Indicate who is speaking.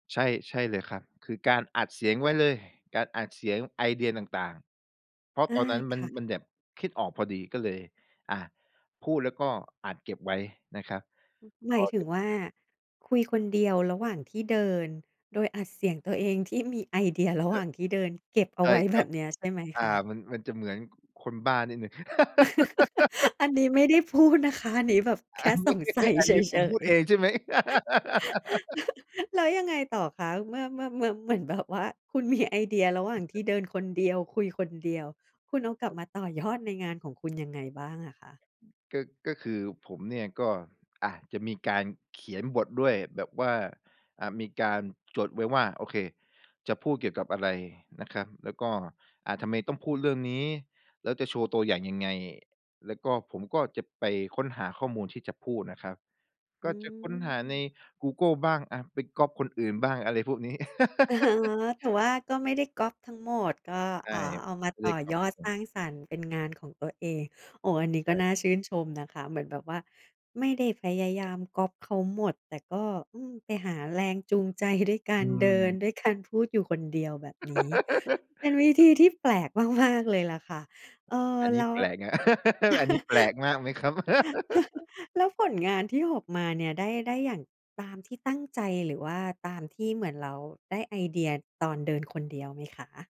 Speaker 1: ใช่ ใช่เลยครับ คือการอัดเสียงไว้เลย การอัดเสียงไอเดียต่าง ๆ เพราะ
Speaker 2: อ
Speaker 1: ต
Speaker 2: า
Speaker 1: อนนั้นม
Speaker 2: ค
Speaker 1: ัน
Speaker 2: ่ะ
Speaker 1: มันแบบคิดออกพอดี ก็เลย อา พูดแล้วก็อัดเก็บไว้นะครับ
Speaker 2: ห
Speaker 1: พ
Speaker 2: มา
Speaker 1: อ
Speaker 2: ยถึง
Speaker 1: ถ
Speaker 2: ว่า คุยคนเดียวระหว่างที่เดิน โดยอัดเสียงตัวเองที่มีไอเดียร
Speaker 1: เ
Speaker 2: ะ
Speaker 1: อ
Speaker 2: หว
Speaker 1: อ
Speaker 2: ่างที่เดินเก็บเอ
Speaker 1: ใ
Speaker 2: า
Speaker 1: ช่
Speaker 2: ไว้
Speaker 1: ค
Speaker 2: แ
Speaker 1: ร
Speaker 2: บ
Speaker 1: ับ
Speaker 2: บเนี้ยใช่ไหม
Speaker 1: อา
Speaker 2: คะ?
Speaker 1: มัน มันจะเหมือน ก คนบ้านิดหนึ่ง
Speaker 2: อันนี้ไม่ได้ พูดนะคะ อันนี้แบบแค
Speaker 1: อ
Speaker 2: ่
Speaker 1: ัน น
Speaker 2: ส
Speaker 1: ี้
Speaker 2: งสัย
Speaker 1: อัน
Speaker 2: เฉ
Speaker 1: นี้ผมพู
Speaker 2: ย
Speaker 1: ดเอ
Speaker 2: ๆ
Speaker 1: งใช่ไหม?
Speaker 2: แล้วยังไงต่อคะ เมื่อ เมื่อ เมื่อ เหมือนแบบว่า คุณมีไอเดียระหว่างที่เดินคนเดียว คุยคนเดียว คุณเอากลับมาต่อยอดในงานของคุณ ยังไงบ้างอะคะ?
Speaker 1: ก็ ก็คือผมเนี่ยก็ อา จะมีการเขียนบทด้วยแบบว่า อ่า มีการจดไว้ว่า โอเค จะพูดเกี่ยวกับอะไรนะครับ แล้วก็ อ่า ทำไมต้องพูดเรื่องนี้ แล้วจะโชว์ตัวอย่างยังไง แล้วก็ผมก็จะไปค้นหาข้อมูลที่จะพูดนะครับ
Speaker 2: อ
Speaker 1: ก
Speaker 2: ื
Speaker 1: ็จะค้นหาใน
Speaker 2: ม
Speaker 1: กูเกิลบ้างอะ ไปก๊อบคนอื่นบ้าง อะไรพวก
Speaker 2: อ๋อ แต่ว่าก็ไม่ได้ก๊อบทั้งหมดก็
Speaker 1: ใช
Speaker 2: อ
Speaker 1: ่
Speaker 2: ่า เอามา
Speaker 1: เขาเ
Speaker 2: ต
Speaker 1: ร
Speaker 2: ่
Speaker 1: ีย
Speaker 2: อ
Speaker 1: กก๊
Speaker 2: ย
Speaker 1: อบ
Speaker 2: อ
Speaker 1: ครับ
Speaker 2: ด
Speaker 1: ผ
Speaker 2: สร้
Speaker 1: ม
Speaker 2: างสรรค์เป็นงานของตัวเอง โอ้ อ
Speaker 1: ช
Speaker 2: ันนี้
Speaker 1: ใ
Speaker 2: ก
Speaker 1: ช
Speaker 2: ็
Speaker 1: ่
Speaker 2: น่าชื่นชมนะคะ เหมือนแบบว่าไม่ได้พยายามก๊อบเขาหมด แต่ก็ อืม ไปหาแรงจูงใจด้วยกา
Speaker 1: อื
Speaker 2: รเดิน
Speaker 1: ม
Speaker 2: ด้วยการพูดอยู่คนเดียว แบบนี้เป็นวิธีที่แปลกมาก ๆ เลยแหละค่ะ เออ
Speaker 1: อันน
Speaker 2: แ
Speaker 1: ี
Speaker 2: ล
Speaker 1: ้
Speaker 2: ้ว
Speaker 1: แปลกอะ อันนี้แปลกมากไหมครับ?
Speaker 2: แล้วผลงานที่ออกเนี่ย ได้ ได้อย่างตามที่ตั้งใจ หรือว่าตามที่เหมือนเราได้ไอเดียตอนเดินคนเดียวไหมคะ?